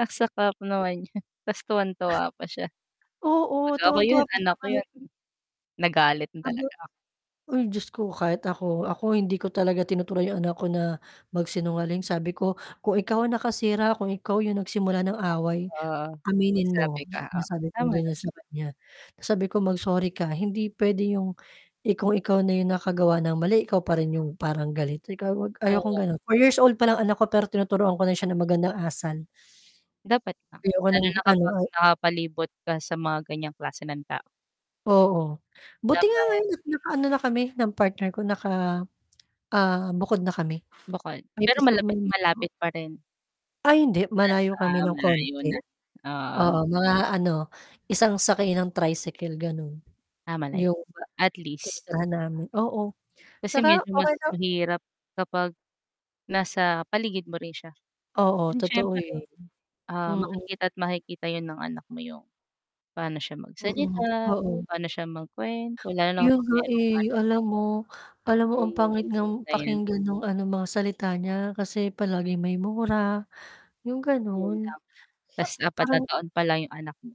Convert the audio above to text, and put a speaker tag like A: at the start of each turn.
A: Ang saklap naman nyan, 'tas tuwang-tuwa pa siya. 'Pag
B: Oo
A: ako
B: tuwang-tuwa
A: yun
B: pa siya
A: anak ko
B: kahit
A: yun nagalit na
B: kahit
A: talaga ako.
B: uy, Diyos ko! Kahit ako. Ako hindi ko talaga tinuturuan 'yong anak ko na magsinungaling. Sabi ko, "Kung ikaw ang nakasira, kung ikaw yung nagsimula ng away,
A: Oo,
B: aminin
A: magsabi
B: mo,"
A: ka
B: na
A: oo
B: sabi kong
A: tama naman.
B: ganyan sa kanya. Sabi ko, "Mag-sorry ka, hindi puwede 'yong kung ikaw na yung nakagawa ng mali, ikaw pa rin yung parang galit." Sabi ko, "Ayokong
A: Oo.
B: ganon." 4 years old palang anak ko pero tinuturuan ko na siya ng magandang asal.
A: Dapat lang.
B: Ayoko
A: Lalo
B: ng
A: na
B: ano
A: kapag
B: ay
A: nakapalibot ka sa mga ganyang klase ng tao.
B: Oo. Buti nga
A: Dapat
B: ngayon naka-ano na kami ng partner ko, naka ah bukod na kami.
A: Bukod
B: May
A: pero
B: peace of
A: malapit
B: mind nako.
A: malapit pa rin?
B: Ay hindi!
A: Nasa
B: Malayo kami
A: ah
B: ng
A: malayo
B: konti.
A: na ah, oo.
B: Oo mga ano? Isang sakay ng tricycle ganon.
A: Ah malayo,
B: yung ba
A: at least.
B: tinitirhan namin. Oo
A: Kasi
B: tsaka
A: medyo
B: okay
A: mas
B: lang.
A: mahirap kapag nasa paligid mo rin siya.
B: Oo
A: 'Yun
B: totoo yun,
A: siyempre ah
B: mhm.
A: makikita at makikita yun ng anak mo yung pano siya
B: Mhm,
A: magsalita, kung
B: oo.
A: pano siya magkuwento. Lalo na
B: Yun
A: kapag
B: nga
A: merong
B: eh,
A: ano na?
B: alam mo alam mo?
A: May
B: Ang pangit
A: isip
B: ngang
A: na yan.
B: pakinggan nung ano? Mga salita niya kasi palaging may mura yung
A: 'Yon
B: ganun.
A: lang, 'tas
B: [unintelligible]
A: 4 na
B: Parang
A: taon pa lang yung anak mo.